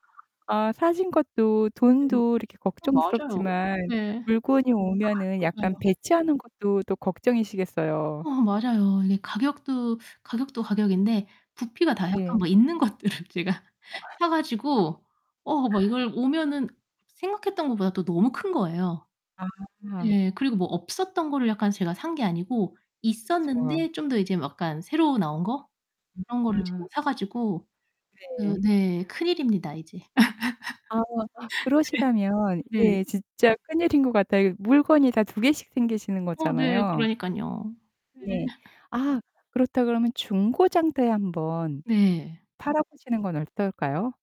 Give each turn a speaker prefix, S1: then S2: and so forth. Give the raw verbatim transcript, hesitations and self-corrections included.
S1: 아 사신 것도
S2: 네.
S1: 돈도 이렇게
S2: 아, 맞아요.
S1: 걱정스럽지만
S2: 네.
S1: 물건이
S2: 아
S1: 오면은 약간
S2: 맞아요.
S1: 배치하는 것도 또 걱정이시겠어요.
S2: 아, 맞아요. 이게 가격도 가격도 가격인데 부피가 다 약간
S1: 네.
S2: 뭐 있는 것들을 제가
S1: [unintelligible]
S2: 사 가지고 어, 막 이걸
S1: 아.
S2: 오면은 생각했던 것보다도 너무 큰 거예요.
S1: 아.
S2: 예, 그리고 뭐 없었던 거를 약간 제가 산 게 아니고
S1: 그렇죠.
S2: 있었는데 좀 더 이제 뭐 약간 새로 나온 거? 그런 거를 제가
S1: 아.
S2: 사 가지고 어
S1: 네.
S2: 네, 큰일입니다, 이제.
S1: 아. 아, 그러시다면
S2: 예. 네.
S1: 예 진짜 큰일인 것 같아요. 물건이 다 두 개씩 생기시는
S2: 어 네,
S1: 거잖아요.
S2: 그러니깐요. 네.
S1: 네. 아 그렇다 그러면 중고 장터에 한번
S2: 네.
S1: 팔아보시는 건 어떨까요?